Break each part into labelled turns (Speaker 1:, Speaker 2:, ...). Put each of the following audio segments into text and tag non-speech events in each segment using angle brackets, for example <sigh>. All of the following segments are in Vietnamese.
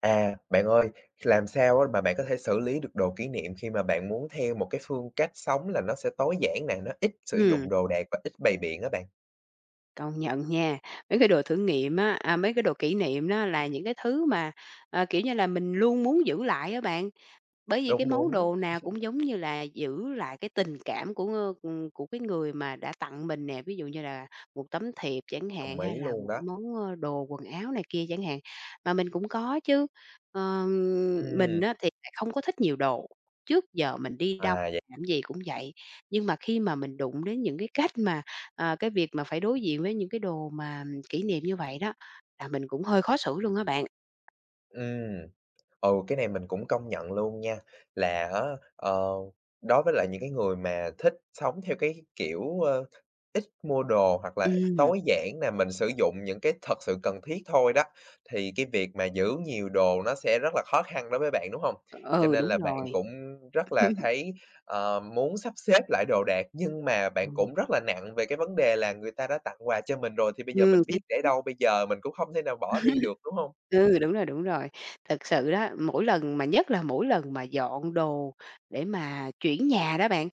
Speaker 1: À, bạn ơi, làm sao á mà bạn có thể xử lý được đồ kỷ niệm khi mà bạn muốn theo một cái phương cách sống là nó sẽ tối giản nè, nó ít sử
Speaker 2: Ừm.
Speaker 1: dụng đồ đạc và ít bày biện á bạn?
Speaker 2: Công nhận nha, mấy cái đồ thử nghiệm á a, mấy cái đồ kỷ niệm đó là những cái thứ mà, ờ, kiểu như là, mình luôn muốn giữ lại á bạn. Bởi vì cái
Speaker 1: Đúng,
Speaker 2: món
Speaker 1: đúng.
Speaker 2: đồ nào cũng
Speaker 1: <chuckles>
Speaker 2: giống như là giữ lại cái tình cảm của, ơ, ừm, của cái người mà đã tặng mình nè, ví dụ như là một tấm thiệp chẳng
Speaker 1: Đồng
Speaker 2: hạn, hay
Speaker 1: ý
Speaker 2: là
Speaker 1: luôn
Speaker 2: một
Speaker 1: đó.
Speaker 2: món, ơ, đồ quần áo này kia chẳng hạn. Mà mình cũng có chứ, ờm, mình
Speaker 1: Ừm.
Speaker 2: á thì lại không có thích nhiều đồ, trước giờ mình đi đâu,
Speaker 1: À, vậy
Speaker 2: làm cái gì cũng vậy. Nhưng mà khi mà mình đụng đến những cái cách mà ờ, cái việc mà phải đối diện với những cái đồ mà kỷ niệm như vậy đó, là mình cũng hơi khó xử luôn á bạn.
Speaker 1: Ừm. Ừ, cái này mình cũng công nhận luôn nha, là á, ờ, đối với lại những cái người mà thích sống theo cái kiểu, ơ, ít mua đồ hoặc là
Speaker 2: Ừm.
Speaker 1: tối giản nè, mình sử dụng những cái thật sự cần thiết thôi đó, thì cái việc mà giữ nhiều đồ nó sẽ rất là khó khăn đối với bạn, đúng hông?
Speaker 2: Ờ,
Speaker 1: Cho
Speaker 2: ừ,
Speaker 1: nên
Speaker 2: đúng
Speaker 1: là bạn
Speaker 2: rồi.
Speaker 1: cũng rất là
Speaker 2: <chuckles>
Speaker 1: thấy, ờ, muốn sắp xếp lại đồ đạc, nhưng mà bạn
Speaker 2: Ừm.
Speaker 1: cũng rất là nặng về cái vấn đề là người ta đã tặng quà cho mình rồi thì bây giờ
Speaker 2: Ừm.
Speaker 1: mình
Speaker 2: Ch
Speaker 1: biết để
Speaker 2: <unintelligible>
Speaker 1: đâu, bây giờ mình cũng không thể nào bỏ đi được, đúng
Speaker 2: <chuckles>
Speaker 1: hông?
Speaker 2: Ừ, đúng rồi, đúng rồi. Thực sự đó, mỗi lần mà nhất là mỗi lần mà dọn đồ để mà chuyển nhà đó bạn,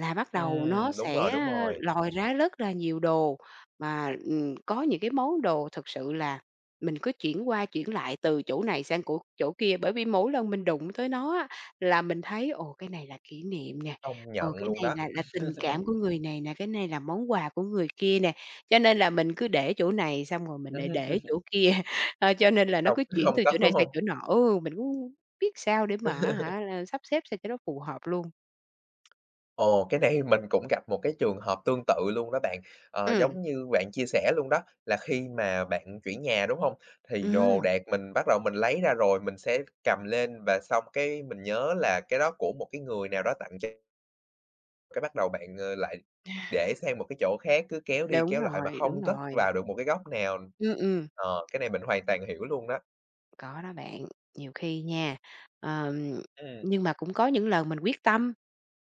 Speaker 2: là bắt đầu nó
Speaker 1: Ừm, đúng rồi,
Speaker 2: sẽ
Speaker 1: đúng rồi.
Speaker 2: lòi ra rất là nhiều đồ, mà, ừm, có những cái món đồ thực sự là mình cứ chuyển qua chuyển lại từ chỗ này sang cỗ chỗ kia. Bởi vì mỗi lần mình đụng tới nó á là mình thấy, ồ, cái này là kỷ niệm nè,
Speaker 1: Công
Speaker 2: ồ,
Speaker 1: nhận
Speaker 2: cái
Speaker 1: luôn
Speaker 2: này
Speaker 1: đó.
Speaker 2: là là tình
Speaker 1: <chuckles>
Speaker 2: cảm của người này nè, cái này là món quà của người kia nè. Cho nên là mình cứ để chỗ này xong rồi mình lại để
Speaker 1: <chuckles>
Speaker 2: chỗ kia, ơ, cho nên là nó
Speaker 1: Không
Speaker 2: cứ chuyển
Speaker 1: không
Speaker 2: từ
Speaker 1: cất,
Speaker 2: chỗ này
Speaker 1: đúng
Speaker 2: sang
Speaker 1: hông?
Speaker 2: chỗ nọ. Ô, mình cũng <unintelligible> biết sao để mà, á
Speaker 1: <chuckles>
Speaker 2: hả, a, sắp xếp sao cho nó phù hợp luôn.
Speaker 1: Ồ, cái này mình cũng gặp một cái trường hợp tương tự luôn đó bạn. Ờ,
Speaker 2: Ừm.
Speaker 1: giống như bạn chia sẻ luôn đó, là khi mà bạn chuyển nhà, đúng hông? Thì đồ
Speaker 2: Ừm.
Speaker 1: đạc mình bắt đầu mình lấy ra rồi, mình sẽ cầm lên và xong cái mình nhớ là cái đó của một cái người nào đó tặng cho Cái bắt đầu bạn, ờ, lại
Speaker 2: <chuckles>
Speaker 1: để sang một cái chỗ khác, cứ kéo đi
Speaker 2: Đúng
Speaker 1: kéo lại mà
Speaker 2: rồi, đúng
Speaker 1: không cất
Speaker 2: rồi.
Speaker 1: vào được một cái góc nào.
Speaker 2: Ừm, ừm.
Speaker 1: Ờ, cái này mình hoàn toàn hiểu luôn đó.
Speaker 2: Có đó bạn, nhiều khi nha, ờm
Speaker 1: Ừm.
Speaker 2: nhưng mà cũng có những lần mình quyết tâm.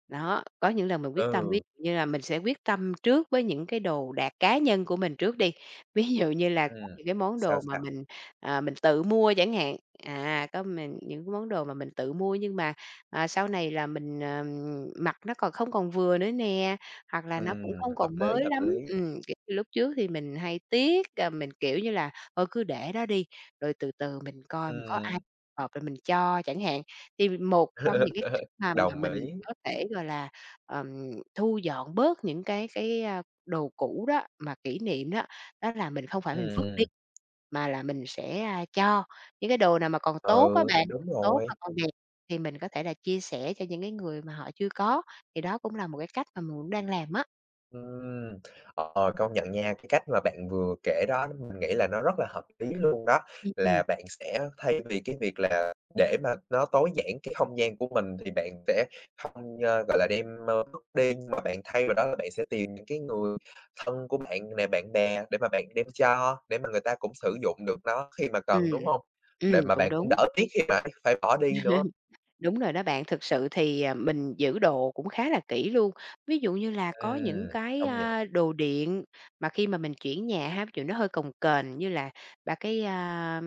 Speaker 2: Đó, có những lần mình quyết tâm, ví
Speaker 1: Ừ.
Speaker 2: dụ như là mình sẽ quyết tâm trước với những cái đồ đạc cá nhân của mình trước đi. Ví dụ như là có
Speaker 1: Ừm.
Speaker 2: những cái món
Speaker 1: Sao,
Speaker 2: đồ mà
Speaker 1: sao?
Speaker 2: mình, à, mình tự mua chẳng hạn. À, có mình những cái món đồ mà mình tự mua nhưng mà, à, sau này là mình, ờ, mặc nó còn không còn vừa nữa nè, hoặc là nó
Speaker 1: Ừm,
Speaker 2: cũng không
Speaker 1: hợp
Speaker 2: còn
Speaker 1: lý,
Speaker 2: mới
Speaker 1: hợp
Speaker 2: lắm.
Speaker 1: lý.
Speaker 2: Ừm, kiểu như, lúc trước thì mình hay tiếc, ờ, mình kiểu như là thôi cứ để đó đi, rồi từ từ mình coi mình có ai
Speaker 1: Ừm.
Speaker 2: hợp rồi mình cho chẳng hạn. Thì một trong những cái cách
Speaker 1: <laughs>
Speaker 2: mà mà
Speaker 1: Đồng
Speaker 2: mình
Speaker 1: ý.
Speaker 2: có thể, gọi là, ờm, thu dọn bớt những cái cái, a, đồ cũ đó, mà kỷ niệm đó, đó là mình không phải mình
Speaker 1: Ừm,
Speaker 2: vứt đi,
Speaker 1: ừm.
Speaker 2: mà là mình sẽ, a, cho. Những cái đồ nào mà còn tốt
Speaker 1: Ừ,
Speaker 2: á bạn,
Speaker 1: đúng
Speaker 2: tốt mà
Speaker 1: rồi.
Speaker 2: còn đẹp thì mình có thể là chia sẻ cho những cái người mà họ chưa có. Thì đó cũng là một cái cách mà mượn đang làm á.
Speaker 1: Ừm. Ờ, công nhận nha, cái cách mà bạn vừa kể đó, mình nghĩ là nó rất là hợp lý luôn đó,
Speaker 2: Ưm, ừm.
Speaker 1: là bạn sẽ thay vì cái việc là để mà nó tối giản cái không gian của mình thì bạn sẽ hông, ơ, gọi là, đem, ơ, vứt đi, nhưng mà bạn thay vào đó là bạn sẽ tìm những cái người thân của bạn nè bạn bè để mà bạn đem cho để mà người ta cũng sử dụng được nó khi mà cần,
Speaker 2: Ừm.
Speaker 1: đúng hông? Để
Speaker 2: Ừm,
Speaker 1: mà
Speaker 2: cũng
Speaker 1: bạn cũng
Speaker 2: đúng.
Speaker 1: đỡ tiếc khi mà phải bỏ đi nữa.
Speaker 2: <chuckles> Đúng rồi đó bạn, thực sự thì, à, mình giữ đồ cũng khá là kỹ luôn. Ví dụ như là có những
Speaker 1: Ừm.
Speaker 2: cái,
Speaker 1: Công nhận.
Speaker 2: a, đồ điện mà khi mà mình chuyển nhà ha, ví dụ như nó hơi cồng kềnh, như là ba cái, a,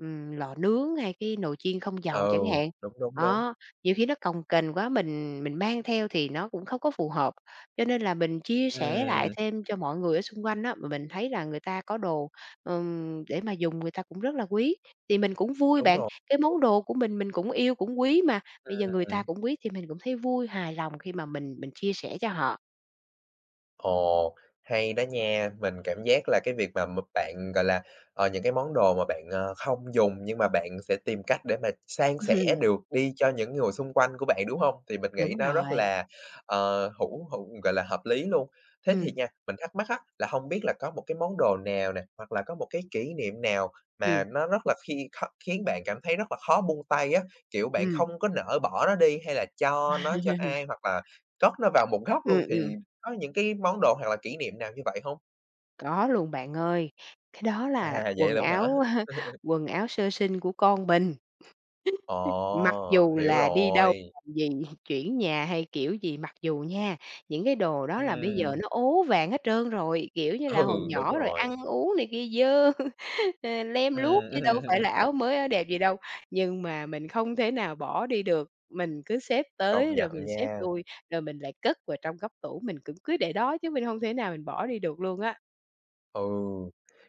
Speaker 2: ừm, lò nướng, hay cái nồi chiên không dầu
Speaker 1: Ừ.
Speaker 2: chẳng hạn.
Speaker 1: Đúng, đúng, đúng.
Speaker 2: Đó. Nhiều khi nó cồng kềnh quá mình mình mang theo thì nó cũng không có phù hợp. Cho nên là mình chia sẻ lại
Speaker 1: Ừm.
Speaker 2: thêm cho mọi người ở xung quanh á, mà mình thấy là người ta có đồ, ừm, để mà dùng, người ta cũng rất là quý, thì mình cũng vui
Speaker 1: Đúng
Speaker 2: bạn,
Speaker 1: rồi.
Speaker 2: cái món đồ của mình, mình cũng yêu cũng quý mà,
Speaker 1: Ừm,
Speaker 2: bây giờ người ta
Speaker 1: ừm.
Speaker 2: cũng quý thì mình cũng thấy vui, hài lòng khi mà mình mình chia sẻ cho họ.
Speaker 1: Ồ. Hay đó nha, mình cảm giác là cái việc mà m bạn, gọi là, ờ, những cái món đồ mà bạn, ơ, không dùng, nhưng mà bạn sẽ tìm cách để mà san sẻ
Speaker 2: <chuckles>
Speaker 1: được đi cho những người xung quanh của bạn, đúng hông? Thì mình nghĩ
Speaker 2: Đúng
Speaker 1: nó rất
Speaker 2: rồi.
Speaker 1: là, ờ, hữu hữu gọi là hợp lý luôn. Thế thì
Speaker 2: Ừm.
Speaker 1: nha, mình thắc mắc á, là hông biết là có một cái món đồ nào nè, hoặc là có một cái kỷ niệm nào mà
Speaker 2: Ừm.
Speaker 1: nó rất là khi kh khiến bạn cảm thấy rất là khó buông tay á, kiểu bạn
Speaker 2: Ừm.
Speaker 1: không có nỡ bỏ nó đi, hay là cho nó cho ai, hoặc là
Speaker 2: <chuckles>
Speaker 1: cất nó vào một góc
Speaker 2: Ừm,
Speaker 1: luôn, thì
Speaker 2: ừm.
Speaker 1: có những cái món đồ, hoặc là kỷ niệm nào như vậy hông?
Speaker 2: Có luôn bạn ơi. Cái đó là
Speaker 1: À, vậy
Speaker 2: quần
Speaker 1: luôn á hả?
Speaker 2: áo <chuckles>
Speaker 1: <chuckles>
Speaker 2: quần áo sơ sinh của con mình. <laughs> Mặc
Speaker 1: Ồ,
Speaker 2: dù
Speaker 1: hiểu
Speaker 2: là đi đâu,
Speaker 1: rồi.
Speaker 2: làm gì, <chuckles> chuyển nhà hay kiểu gì, mặc dù nha, những cái đồ đó là bây
Speaker 1: Ừm.
Speaker 2: giờ nó ố vàng hết trơn rồi, kiểu như là,
Speaker 1: Ừ,
Speaker 2: hồi
Speaker 1: đúng
Speaker 2: nhỏ rồi
Speaker 1: rồi.
Speaker 2: ăn uống này kia dơ, <chuckles> ờ, lem luốc,
Speaker 1: Ừm.
Speaker 2: chứ đâu có phải
Speaker 1: <chuckles>
Speaker 2: là áo mới, áo đẹp gì đâu. Nhưng mà mình không thể nào bỏ đi được, mình cứ xếp
Speaker 1: Công
Speaker 2: tới,
Speaker 1: nhận
Speaker 2: rồi mình xếp
Speaker 1: nha.
Speaker 2: lui, rồi mình lại cất vào trong góc tủ, mình cũng cứ để đó, chứ mình hông thể nào mình bỏ đi được luôn á.
Speaker 1: Ừ.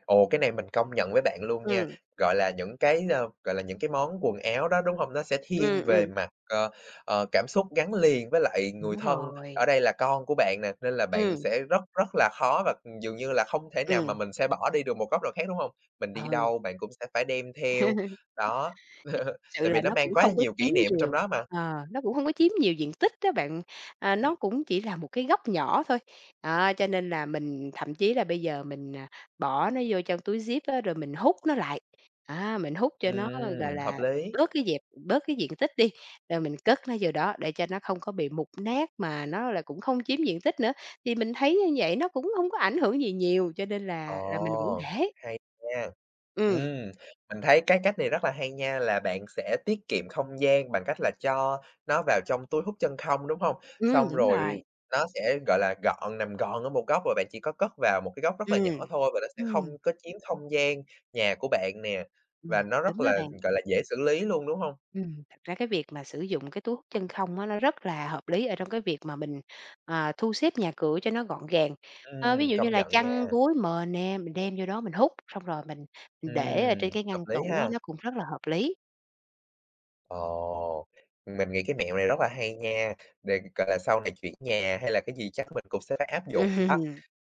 Speaker 1: Ồ, cái này mình công nhận với bạn luôn nha,
Speaker 2: Ừm.
Speaker 1: gọi là, những cái, ơ, gọi là, những cái món quần áo đó, đúng hông? Nó sẽ thiên
Speaker 2: Ừm,
Speaker 1: về
Speaker 2: ừm.
Speaker 1: mặt, ơ, ờ, cảm xúc gắn liền với lại người
Speaker 2: Đúng
Speaker 1: thân. Ở
Speaker 2: rồi.
Speaker 1: đây là con của bạn nè, nên là bạn
Speaker 2: Ừm.
Speaker 1: sẽ rất, rất là khó và dường như là không thể nào mà
Speaker 2: Ừm.
Speaker 1: mình sẽ bỏ đi được một góc nào khác, đúng hông? Mình đi
Speaker 2: Ừ.
Speaker 1: đâu bạn cũng sẽ phải đem theo.
Speaker 2: <chuckles>
Speaker 1: Đó. <chuckles>
Speaker 2: Sự
Speaker 1: Tại vì
Speaker 2: là
Speaker 1: nó
Speaker 2: nó
Speaker 1: mang
Speaker 2: cũng
Speaker 1: quá là
Speaker 2: không có
Speaker 1: nhiều
Speaker 2: chiếm
Speaker 1: kỷ niệm ở trong
Speaker 2: nhiều.
Speaker 1: đó mà.
Speaker 2: Ờ, nó cũng hông có chiếm nhiều diện tích á bạn, à,
Speaker 1: Ừm.
Speaker 2: nó cũng chỉ là một cái góc nhỏ thôi. Đó, cho nên là mình thậm chí là bây giờ mình, à, bỏ nó vô trong túi zip á rồi mình hút nó lại, a, mình hút cho nó, gọi
Speaker 1: Ừm, hợp
Speaker 2: là,
Speaker 1: lý.
Speaker 2: bớt cái dẹp bớt cái diện tích đi, rồi mình cất nó vô đó để cho nó không có bị mục nát mà nó lại cũng không chiếm diện tích nữa. Thì mình thấy như vậy nó cũng hông có ảnh hưởng gì nhiều cho nên là là mình vẫn
Speaker 1: Ồ!
Speaker 2: để.
Speaker 1: Hay nha.
Speaker 2: Ừm.
Speaker 1: Ừm. Mình thấy cái cách này rất là hay nha, là bạn sẽ tiết kiệm không gian bằng cách là cho nó vào trong túi hút chân không, đúng hông?
Speaker 2: Ừm,
Speaker 1: Xong
Speaker 2: đúng
Speaker 1: rồi
Speaker 2: rồi.
Speaker 1: nó sẽ, gọi là, gọn nằm gọn ở một góc và bạn chỉ có cất vào một cái góc rất là
Speaker 2: Ừm.
Speaker 1: nhỏ thôi và nó sẽ
Speaker 2: Ừm.
Speaker 1: không có chiếm không gian nhà của bạn nè
Speaker 2: Ừm.
Speaker 1: và nó rất
Speaker 2: Đúng đó
Speaker 1: là,
Speaker 2: bạn.
Speaker 1: gọi là, dễ xử lý luôn, đúng hông?
Speaker 2: Ừm. Thật ra cái việc mà sử dụng cái túi hút chân không á, nó rất là hợp lý ở trong cái việc mà mình, ờ, thu xếp nhà cửa cho nó gọn gàng. Ơ, ví
Speaker 1: Ừm,
Speaker 2: dụ như
Speaker 1: công
Speaker 2: là
Speaker 1: nhận nha.
Speaker 2: chăn, gối, mền nè, mình đem vô đó mình hút, xong rồi mình mình để ở trên
Speaker 1: Ừm.
Speaker 2: cái
Speaker 1: Hợp
Speaker 2: ngăn
Speaker 1: lý
Speaker 2: tủ á,
Speaker 1: ha.
Speaker 2: nó cũng rất là hợp lý.
Speaker 1: Ồ, mình nghĩ cái mẹo này rất là hay nha, để, gọi là, sau này chuyển nhà hay là cái gì chắc mình cũng sẽ phải áp dụng
Speaker 2: Ừm.
Speaker 1: đó.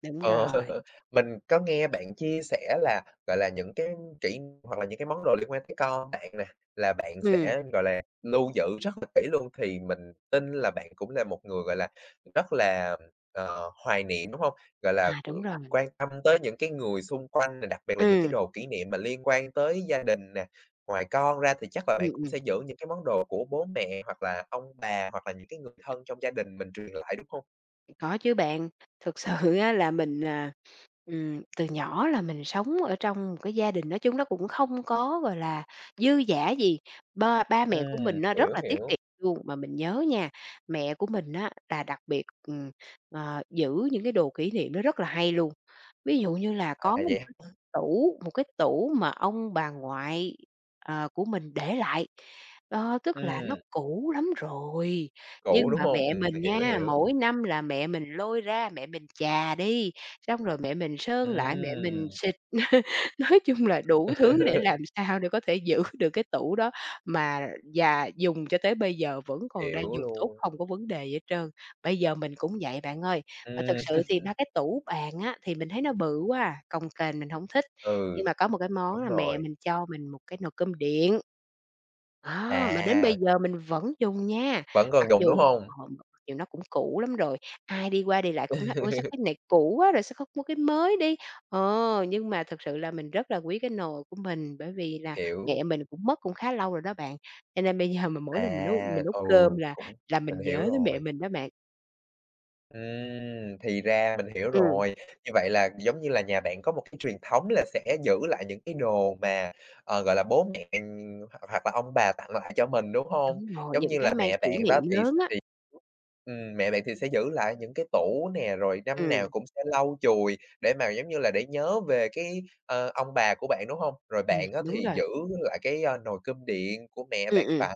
Speaker 2: Đúng
Speaker 1: Ờ.
Speaker 2: rồi.
Speaker 1: Mình có nghe bạn chia sẻ là, gọi là, những cái kỹ hoặc là những cái món đồ liên quan tới con bạn nè là bạn
Speaker 2: Ừm.
Speaker 1: sẽ, gọi là, lưu giữ rất là kỹ luôn, thì mình tin là bạn cũng là một người, gọi là, rất là, ờ, hoài niệm, đúng hông? Gọi là,
Speaker 2: À,
Speaker 1: ờ,
Speaker 2: đúng rồi.
Speaker 1: quan tâm tới những cái người xung quanh, rồi đặc biệt là những cái
Speaker 2: Ừm.
Speaker 1: đồ kỷ niệm mà liên quan tới gia đình nè. Ngoài con ra thì chắc là
Speaker 2: Ừm,
Speaker 1: bạn cũng
Speaker 2: ừm.
Speaker 1: sẽ giữ những cái món đồ của bố mẹ, hoặc là ông bà, hoặc là những cái người thân trong gia đình mình truyền lại, đúng hông?
Speaker 2: Có chứ bạn, thực sự á là mình, à, ừm, từ nhỏ là mình sống ở trong một cái gia đình nói chung nó cũng không có, gọi là, dư dả gì, ba ba mẹ của
Speaker 1: Ừm,
Speaker 2: mình á rất
Speaker 1: hiểu,
Speaker 2: là tiết
Speaker 1: hiểu.
Speaker 2: kiệm luôn. Mà mình nhớ nha, mẹ của mình á là đặc biệt, ừm, ờ, giữ những cái đồ kỷ niệm nó rất là hay luôn, ví dụ như là
Speaker 1: À,
Speaker 2: có một
Speaker 1: vậy
Speaker 2: cái
Speaker 1: hả?
Speaker 2: tủ, một cái tủ mà ông bà ngoại, ờ, của mình để lại. Đó, tức là nó
Speaker 1: Ừm.
Speaker 2: cũ lắm rồi,
Speaker 1: Cũ,
Speaker 2: nhưng
Speaker 1: đúng
Speaker 2: mà
Speaker 1: hông?
Speaker 2: mẹ
Speaker 1: Ừm,
Speaker 2: mình
Speaker 1: hiểu,
Speaker 2: nha,
Speaker 1: hiểu.
Speaker 2: mỗi năm là mẹ mình lôi ra, mẹ mình chà đi, xong rồi mẹ mình sơn lại, mẹ mình
Speaker 1: Ừm.
Speaker 2: xịt, <laughs> nói chung là đủ thứ để
Speaker 1: <laughs>
Speaker 2: làm sao để có thể giữ được cái tủ đó mà già dùng cho tới bây giờ vẫn còn đang
Speaker 1: Hiểu
Speaker 2: dùng tốt,
Speaker 1: luôn.
Speaker 2: hông có vấn đề gì hết trơn. Bây giờ mình cũng vậy bạn ơi, ờ, thực
Speaker 1: Ừm.
Speaker 2: sự thì ba
Speaker 1: <laughs>
Speaker 2: cái tủ bàn á thì mình thấy nó bự quá à, cồng kềnh mình hổng thích. Nhưng
Speaker 1: Ừ.
Speaker 2: mà có một cái món
Speaker 1: Đúng
Speaker 2: là mẹ
Speaker 1: rồi.
Speaker 2: mình cho mình một cái nồi cơm điện, đó, mà đến bây
Speaker 1: À.
Speaker 2: giờ mình vẫn dùng nha,
Speaker 1: Vẫn còn
Speaker 2: mặc
Speaker 1: dùng đúng
Speaker 2: dù
Speaker 1: hông?
Speaker 2: ờ, mặc dù nó cũng cũ lắm rồi. Ai đi qua, đi lại cũng nói: "Ôi, sao
Speaker 1: <laughs>
Speaker 2: cái này cũ quá rồi, sao không mua cái mới đi?" Ờ, nhưng mà thực sự là mình rất là quý cái nồi của mình, bởi vì là
Speaker 1: Hiểu.
Speaker 2: mẹ mình cũng mất cũng khá lâu rồi đó bạn, cho nên bây giờ mà mỗi lần mình nấu
Speaker 1: À,
Speaker 2: mình nấu
Speaker 1: ừ,
Speaker 2: cơm là
Speaker 1: cũng
Speaker 2: là
Speaker 1: mình
Speaker 2: mình
Speaker 1: hiểu
Speaker 2: nhớ tới mẹ
Speaker 1: rồi.
Speaker 2: mình đó bạn.
Speaker 1: Ừm, thì ra, mình hiểu
Speaker 2: Ừm.
Speaker 1: rồi, như vậy là, giống như là, nhà bạn có một cái truyền thống là sẽ giữ lại những cái đồ mà, ờ, gọi là, bố mẹ, ừm, hoặc hoặc là ông bà tặng lại cho mình, đúng hông?
Speaker 2: Đúng rồi,
Speaker 1: Giống
Speaker 2: những
Speaker 1: như
Speaker 2: cái
Speaker 1: là
Speaker 2: mang
Speaker 1: mẹ
Speaker 2: kỷ
Speaker 1: bạn đó,
Speaker 2: niệm
Speaker 1: thì s
Speaker 2: lớn á.
Speaker 1: thì ừm, mẹ bạn thì sẽ giữ lại những cái tủ nè, rồi năm nào
Speaker 2: Ừm.
Speaker 1: cũng sẽ lau chùi, để mà, giống như là, để nhớ về cái, ờ, ông bà của bạn, đúng hông? Rồi
Speaker 2: Ừm,
Speaker 1: bạn á
Speaker 2: đúng
Speaker 1: thì
Speaker 2: rồi.
Speaker 1: giữ lại cái, a, nồi cơm điện của mẹ
Speaker 2: Ừm,
Speaker 1: bạn
Speaker 2: ừm.
Speaker 1: tặng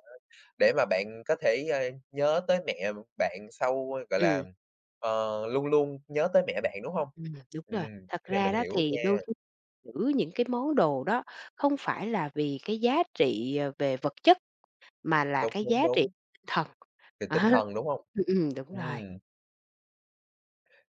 Speaker 1: để mà bạn có thể, ờ, nhớ tới mẹ bạn, sau, gọi là,
Speaker 2: Ừm.
Speaker 1: ờ, luôn luôn nhớ tới mẹ bạn, đúng hông?
Speaker 2: Ừm, đúng
Speaker 1: Ừm,
Speaker 2: rồi, thật
Speaker 1: cái này
Speaker 2: ra
Speaker 1: mình
Speaker 2: đó,
Speaker 1: hiểu
Speaker 2: thì đôi
Speaker 1: nha.
Speaker 2: khi giữ những cái món đồ đó không phải là vì cái giá trị, ờ, về vật chất, mà là
Speaker 1: Đúng,
Speaker 2: cái giá
Speaker 1: đúng,
Speaker 2: trị
Speaker 1: đúng.
Speaker 2: tinh thần,
Speaker 1: Về
Speaker 2: đó,
Speaker 1: tinh thần, đúng hông?
Speaker 2: ừm, ừm, đúng rồi.
Speaker 1: Ừm.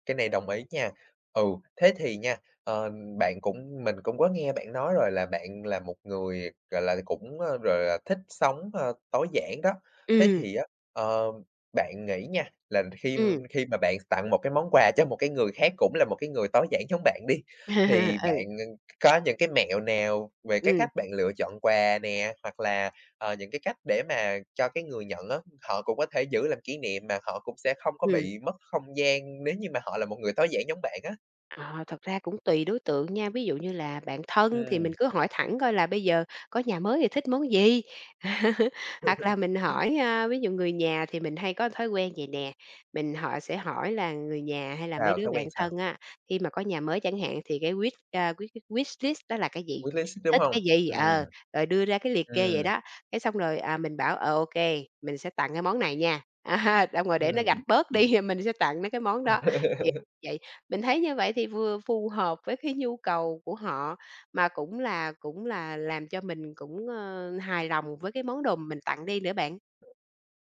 Speaker 1: Cái này đồng ý nha, ừ, thế thì nha, ờ, bạn cũng mình cũng có nghe bạn nói rồi, là bạn là một người, gọi là, cũng, ờ, gọi là, thích sống, a, tối giản đó. Thế
Speaker 2: Ừm.
Speaker 1: thì á, ờ, bạn nghĩ nha, là khi
Speaker 2: Ừm.
Speaker 1: khi mà bạn tặng một cái món quà cho một cái người khác, cũng là một cái người tối giản giống bạn đi, thì
Speaker 2: <laughs>
Speaker 1: bạn,
Speaker 2: Ừ.
Speaker 1: ừm, có những cái mẹo nào về cái cách
Speaker 2: Ừm.
Speaker 1: bạn lựa chọn quà nè? Hoặc là, ờ, những cái cách để mà cho cái người nhận á, họ cũng có thể giữ làm kỷ niệm mà họ cũng sẽ không có
Speaker 2: Ừm.
Speaker 1: bị mất không gian, nếu như mà họ là một người tối giản giống bạn á?
Speaker 2: Ờ, thật ra cũng tùy đối tượng nha. Ví dụ như là bạn thân thì mình
Speaker 1: Ừm.
Speaker 2: cứ hỏi thẳng, coi là bây giờ có nhà mới thì thích món gì. <laughs> Hoặc là mình
Speaker 1: <laughs>
Speaker 2: hỏi, ơ, ví dụ người nhà thì mình hay có thói quen vậy nè, mình họ sẽ hỏi là người nhà hay là mấy
Speaker 1: Sao?
Speaker 2: đứa
Speaker 1: Thói
Speaker 2: bạn
Speaker 1: quen sao?
Speaker 2: thân á, khi mà có nhà mới chẳng hạn thì cái wish, a, wish wish wishlist đó là cái gì,
Speaker 1: Wishlist ấy, đúng
Speaker 2: thích
Speaker 1: hông?
Speaker 2: cái gì,
Speaker 1: Ừm.
Speaker 2: ờ, rồi đưa ra cái liệt kê vậy
Speaker 1: Ừm.
Speaker 2: đó. Cái xong rồi, à, mình bảo, ờ, ô kê, mình sẽ tặng cái món này nha. À ha, xong rồi để nó gạch
Speaker 1: Ừm.
Speaker 2: bớt đi thì mình sẽ tặng mấy cái món đó <unintelligible>
Speaker 1: <laughs>
Speaker 2: vậy. Mình thấy như vậy thì vừa phù hợp với cái nhu cầu của họ, mà cũng là cũng là làm cho mình cũng, ơ, hài lòng với cái món đồ mà mình tặng đi nữa bạn.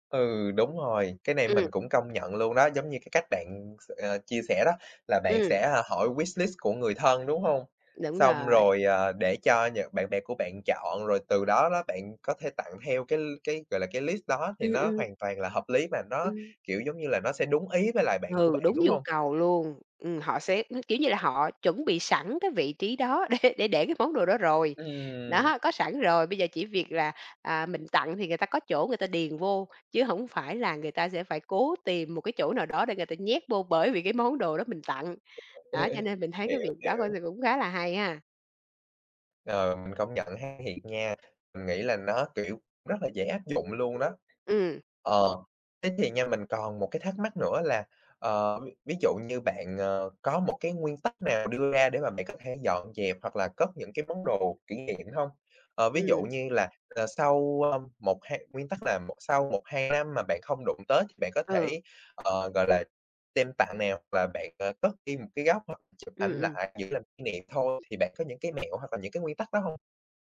Speaker 1: Ừ, đúng rồi, cái này mình
Speaker 2: Ừm.
Speaker 1: cũng công nhận luôn đó, giống như cái cách bạn, ừm, s ờ, chia sẻ, đó là bạn
Speaker 2: Ừm.
Speaker 1: sẽ, à, hỏi wishlist của người thân, đúng hông?
Speaker 2: Đúng
Speaker 1: Xong
Speaker 2: rồi.
Speaker 1: rồi, ờ, để cho nhợ bạn bè của bạn chọn, rồi từ đó đó bạn có thể tặng theo cái l cái, gọi là, cái list đó, thì
Speaker 2: Ừm,
Speaker 1: nó
Speaker 2: ừm.
Speaker 1: hoàn toàn là hợp lý mà, nó,
Speaker 2: Ừm.
Speaker 1: kiểu, giống như là, nó sẽ đúng ý với lại bạn của
Speaker 2: Ừ,
Speaker 1: bạn,
Speaker 2: đúng
Speaker 1: đúng
Speaker 2: nhu
Speaker 1: hông?
Speaker 2: cầu luôn, ừm, họ sẽ, ưm, kiểu như là, họ chuẩn bị sẵn cái vị trí đó để để để cái món đồ đó rồi.
Speaker 1: Ừm.
Speaker 2: Đó, có sẵn rồi, bây giờ chỉ việc là, à, mình tặng thì người ta có chỗ người ta điền vô, chứ hổng phải là người ta sẽ phải cố tìm một cái chỗ nào đó để người ta nhét vô, bởi vì cái món đồ đó mình tặng.
Speaker 1: <unintelligible> Ê,
Speaker 2: Đó, cho
Speaker 1: ê,
Speaker 2: nên mình thấy cái
Speaker 1: hiểu,
Speaker 2: việc đó coi
Speaker 1: hiểu.
Speaker 2: thì cũng khá là hay ha.
Speaker 1: Ờ, mình công nhận ha. Thiệt nha, mình nghĩ là nó, kiểu, rất là dễ áp dụng luôn đó.
Speaker 2: Ừm.
Speaker 1: Ờ, thế thì nha, mình còn một cái thắc mắc nữa là, ờ, v ví dụ như bạn, ờ, có một cái nguyên tắc nào đưa ra để mà bạn có thể dọn dẹp hoặc là cất những cái món đồ kỷ niệm hông? Ờ, ví dụ
Speaker 2: Ừm.
Speaker 1: như là, à, sau, ơ, 1, hai nguyên tắc là mộ sau 1-2 năm mà bạn không đụng tới thì bạn có
Speaker 2: Ừ.
Speaker 1: thể, ờ, gọi là, đem tặng nè, hoặc là bạn, ờ, cất đi một cái góc, hoặc chụp
Speaker 2: Ừm,
Speaker 1: ảnh
Speaker 2: ừm.
Speaker 1: lại giữ làm kỷ niệm thôi, thì bạn có những cái mẹo hoặc là những cái nguyên tắc đó hông?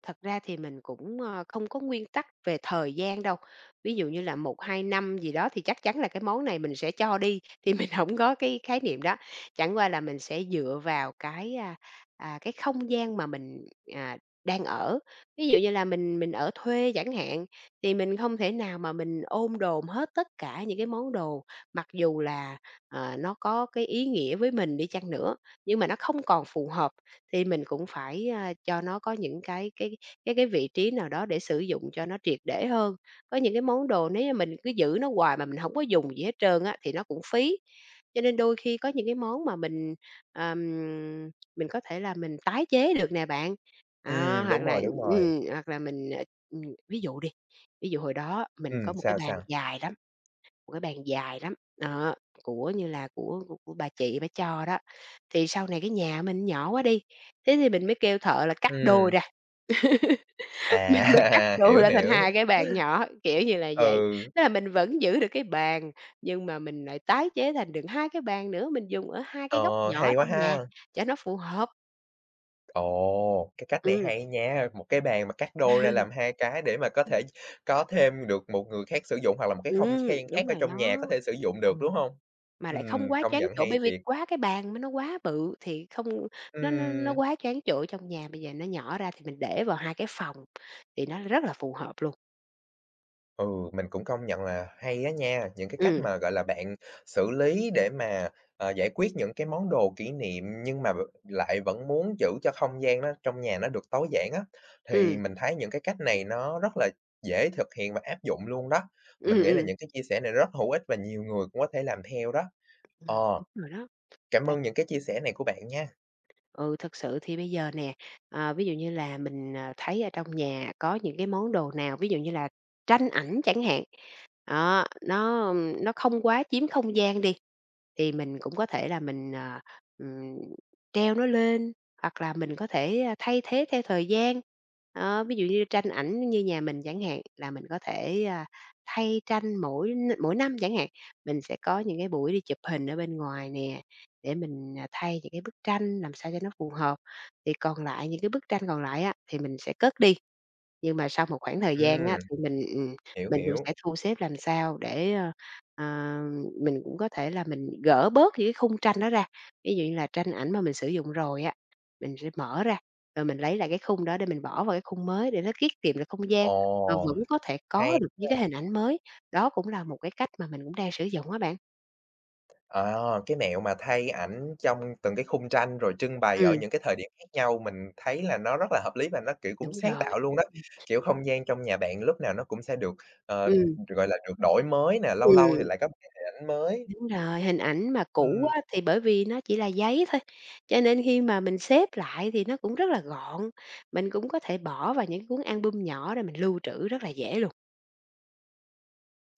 Speaker 2: Thật ra thì mình cũng, ờ, không có nguyên tắc về thời gian đâu. Ví dụ như là 1-2 năm gì đó thì chắc chắn là cái món này mình sẽ cho đi, thì mình hổng có cái khái niệm đó, chẳng qua là mình sẽ dựa vào cái, à, à, cái không gian mà mình, à, đang ở. Ví dụ như là mình mình ở thuê chẳng hạn, thì mình không thể nào mà mình ôm đồm hết tất cả những cái món đồ, mặc dù là, ờ, nó có cái ý nghĩa với mình đi chăng nữa, nhưng mà nó không còn phù hợp thì mình cũng phải, à, cho nó có những cái cái cái cái vị trí nào đó để sử dụng cho nó triệt để hơn. Có những cái món đồ nếu như mình cứ giữ nó hoài mà mình hổng có dùng gì hết trơn á, thì nó cũng phí. Cho nên đôi khi có những cái món mà mình, ờm, mình có thể là mình tái chế được nè bạn, đó,
Speaker 1: Ừm,
Speaker 2: hoặc
Speaker 1: đúng rồi,
Speaker 2: là
Speaker 1: đúng rồi.
Speaker 2: ừm, hoặc là, mình, à, ừm, ví dụ đi. Ví dụ hồi đó mình
Speaker 1: Ừm,
Speaker 2: có 1 cái
Speaker 1: sao,
Speaker 2: bàn
Speaker 1: sao?
Speaker 2: dài lắm, 1 cái bàn dài lắm, đó, của như là của của bà chị bả cho đó. Thì sau này cái nhà mình nhỏ quá đi, thế thì mình mới kêu thợ là cắt đôi
Speaker 1: Ừm.
Speaker 2: ra, <laughs> mình mới cắt
Speaker 1: À,
Speaker 2: đôi
Speaker 1: hiểu,
Speaker 2: ra thành
Speaker 1: hiểu.
Speaker 2: 2 cái bàn nhỏ, kiểu như là vậy.
Speaker 1: Ừ.
Speaker 2: Thế là mình vẫn giữ được cái bàn, nhưng mà mình lại tái chế thành được 2 cái bàn nữa, mình dùng ở 2 cái góc
Speaker 1: Ờ,
Speaker 2: nhỏ
Speaker 1: hay quá
Speaker 2: trong nhà
Speaker 1: ha!
Speaker 2: cho nó phù hợp.
Speaker 1: Ồ! Cái cách này
Speaker 2: Ừm.
Speaker 1: hay nha, 1 cái bàn mà cắt đôi ra làm 2
Speaker 2: <chuckles>
Speaker 1: cái để mà có
Speaker 2: <unintelligible>
Speaker 1: thể có thêm được một người khác sử dụng hoặc là một cái không khan
Speaker 2: Ừm,
Speaker 1: khác
Speaker 2: đúng
Speaker 1: ở
Speaker 2: rồi
Speaker 1: trong nhà có
Speaker 2: đó.
Speaker 1: thể sử dụng được,
Speaker 2: Ừ,
Speaker 1: đúng hông?
Speaker 2: mà lại không
Speaker 1: Ừm,
Speaker 2: quá
Speaker 1: công
Speaker 2: choán
Speaker 1: nhận
Speaker 2: chỗ
Speaker 1: hay
Speaker 2: bởi vì
Speaker 1: thiệt!
Speaker 2: quá cái bàn mà nó quá bự thì không nó nó nó
Speaker 1: Ừm.
Speaker 2: quá choán chỗ trong nhà, bây giờ nó nhỏ ra thì mình để vào 2 cái phòng thì nó rất là phù hợp luôn.
Speaker 1: Ừ, mình cũng công nhận là hay á nha, những cái cách
Speaker 2: Ừm.
Speaker 1: mà, gọi là, bạn xử lý để mà, ờ, giải quyết những cái món đồ kỷ niệm nhưng mà v lại vẫn muốn giữ cho không gian nó trong nhà nó được tối giản á, thì
Speaker 2: Ừm.
Speaker 1: mình thấy những cái cách này nó rất là dễ thực hiện và áp dụng luôn đó. Mình
Speaker 2: Ừm,
Speaker 1: nghĩ là
Speaker 2: ừm.
Speaker 1: những cái chia sẻ này rất hữu ích và nhiều người cũng có thể làm theo đó.
Speaker 2: Ừm,
Speaker 1: Ờ,
Speaker 2: đúng rồi đó,
Speaker 1: cảm
Speaker 2: tại
Speaker 1: ơn những cái chia sẻ này của bạn nha!
Speaker 2: Ừ, thực sự thì bây giờ nè, ờ, ví dụ như là mình, ờ, thấy ở trong nhà có những cái món đồ nào, ví dụ như là tranh ảnh chẳng hạn, đó, nó, ưm, nó không quá chiếm không gian đi, thì mình cũng có thể là mình, à, ừm, treo nó lên, hoặc là mình có thể thay thế theo thời gian. Đó, ví dụ như tranh ảnh như nhà mình chẳng hạn là mình có thể, a, thay tranh mỗi n mỗi năm chẳng hạn. Mình sẽ có những cái buổi đi chụp hình ở bên ngoài nè, để mình, à, thay những cái bức tranh làm sao cho nó phù hợp. Thì còn lại những cái bức tranh còn lại á, thì mình sẽ cất đi. Nhưng mà sau một khoảng thời gian
Speaker 1: Ừm.
Speaker 2: á thì mình ừm,
Speaker 1: Hiểu,
Speaker 2: mình cũng
Speaker 1: hiểu.
Speaker 2: sẽ thu xếp làm sao để, ơ, ờ mình cũng có thể là mình gỡ bớt những cái khung tranh đó ra. Ví dụ như là tranh ảnh mà mình sử dụng rồi á, mình sẽ mở ra, ờ, mình lấy lại cái khung đó để mình bỏ vào cái khung mới để nó tiết kiệm được không gian, mà
Speaker 1: Ồ,
Speaker 2: vẫn có thể
Speaker 1: hay
Speaker 2: có được những
Speaker 1: ha.
Speaker 2: cái hình ảnh mới. Đó cũng là một cái cách mà mình cũng đang sử dụng á bạn.
Speaker 1: Ờ, cái mẹo mà thay ảnh trong từng cái khung tranh rồi trưng bày ở
Speaker 2: Ừm.
Speaker 1: những cái thời điểm khác nhau, mình thấy là nó rất là hợp lý và nó, kiểu, cũng
Speaker 2: Đúng
Speaker 1: sáng
Speaker 2: rồi.
Speaker 1: tạo luôn đó.
Speaker 2: Ừm.
Speaker 1: Kiểu, không gian trong nhà bạn lúc nào nó cũng sẽ được, ờ,
Speaker 2: Ừm.
Speaker 1: gọi là, được đổi mới nè, lâu lâu thì
Speaker 2: Ừm.
Speaker 1: lại có một cái hình ảnh mới.
Speaker 2: Đúng rồi, hình ảnh mà cũ
Speaker 1: Ừm.
Speaker 2: á thì bởi vì nó chỉ là giấy thôi, cho nên khi mà mình xếp lại thì nó cũng rất là gọn, mình cũng có thể bỏ vào những cuốn album nhỏ để mình lưu trữ rất là dễ luôn.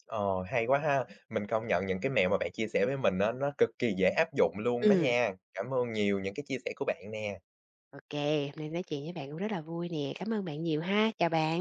Speaker 1: Ồ, hay quá ha! Mình công nhận những cái mẹo mà bạn chia sẻ với mình á, nó cực kỳ dễ áp dụng luôn đó
Speaker 2: Ừm.
Speaker 1: nha. Cảm ơn nhiều những cái chia sẻ của bạn nè.
Speaker 2: Ô kê, hôm nay nói chuyện với bạn cũng rất là vui nè. Cám ơn bạn nhiều ha, chào bạn.